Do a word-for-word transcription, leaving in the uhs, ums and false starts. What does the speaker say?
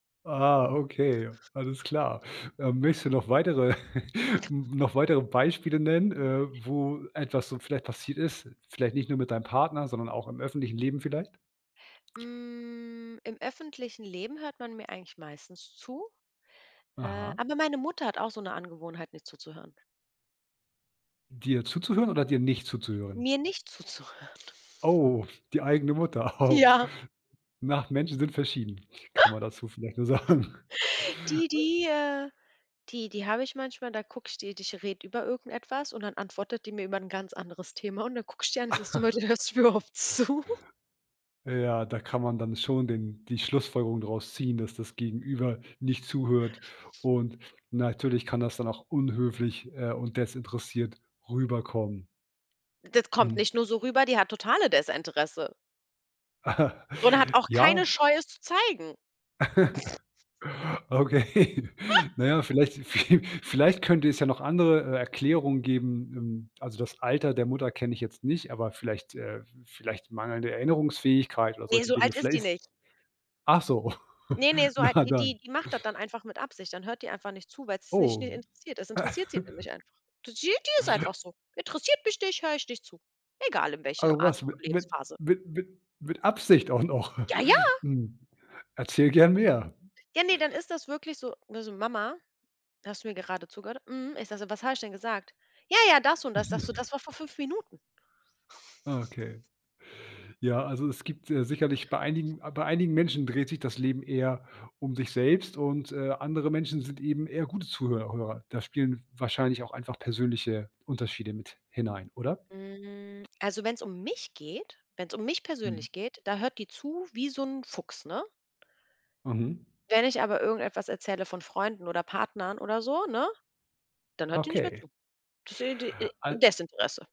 Ah, okay, alles klar. Ähm, möchtest du noch weitere noch weitere Beispiele nennen, äh, wo etwas so vielleicht passiert ist, vielleicht nicht nur mit deinem Partner, sondern auch im öffentlichen Leben vielleicht? Hm, im öffentlichen Leben hört man mir eigentlich meistens zu, äh, Aha. aber meine Mutter hat auch so 'ne Angewohnheit, nicht zuzuhören. Dir zuzuhören oder dir nicht zuzuhören? Mir nicht zuzuhören. Oh, die eigene Mutter. Oh. Ja. Na, Menschen sind verschieden, kann man dazu vielleicht nur sagen. Die die, äh die die habe ich manchmal, da gucke ich die ich rede über irgendetwas und dann antwortet die mir über 'n ganz anderes Thema. Und dann gucke ich die an, ist das so, [unintelligible] hörst mir überhaupt zu? Ja, da kann man dann schon den die Schlussfolgerung daraus ziehen, dass das Gegenüber nicht zuhört und natürlich kann das dann auch unhöflich, äh, und desinteressiert rüberkommen. Das kommt Mhm. nicht nur so rüber, die hat totale Desinteresse. Und hat auch keine Ja. Scheu, es zu zeigen. Okay, na ja, vielleicht viel vielleicht könnte es ja noch andere, äh, Erklärungen geben, ähm also, das Alter der Mutter kenne ich jetzt nicht, aber vielleicht, äh vielleicht mangelnde Erinnerungsfähigkeit oder Ne, solche so Dinge. alt ist Vielleicht die ist nicht. ach so, Ne, ne, so alt na wie die dann. die macht das dann einfach mit Absicht. Dann hört die einfach nicht zu, weil es sie nicht nie Oh. interessiert. Das interessiert sie nicht einfach. Die die ist einfach so. Interessiert mich nicht, höre ich nicht zu. Egal in Ah welcher Art was, m und mit Lebensphase. mit mit mit Absicht auch noch. Ja, ja. Hm, erzähl gern mehr. Ja, ne, dann ist das wirklich so ne, so: „Mama, hast du mir gerade zugehört?“ „Mhm.“ Ich sage so: „Was habe ich denn gesagt?“ „Ja, ja, das und das.", sage so: Mhm. „Das war vor fünf Minuten.“ Ah, okay. Ja, also, es gibt, äh, sicherlich bei einigen bei einigen Menschen dreht sich das Leben eher um sich selbst und, äh, andere Menschen sind eben eher gute Zuhör Hörer. Da spielen wahrscheinlich auch einfach persönliche Unterschiede mit hinein, oder? Hm, also, wenn es um mich geht wenn es um mich Mhm. persönlich geht, da hört die zu wie so 'n Fuchs, ne? Mhm. Wenn ich aber irgendetwas erzähle von Freunden oder Partnern oder so, ne, dann hört die nicht mehr Okay. zu. Desi d e Al Desinteresse.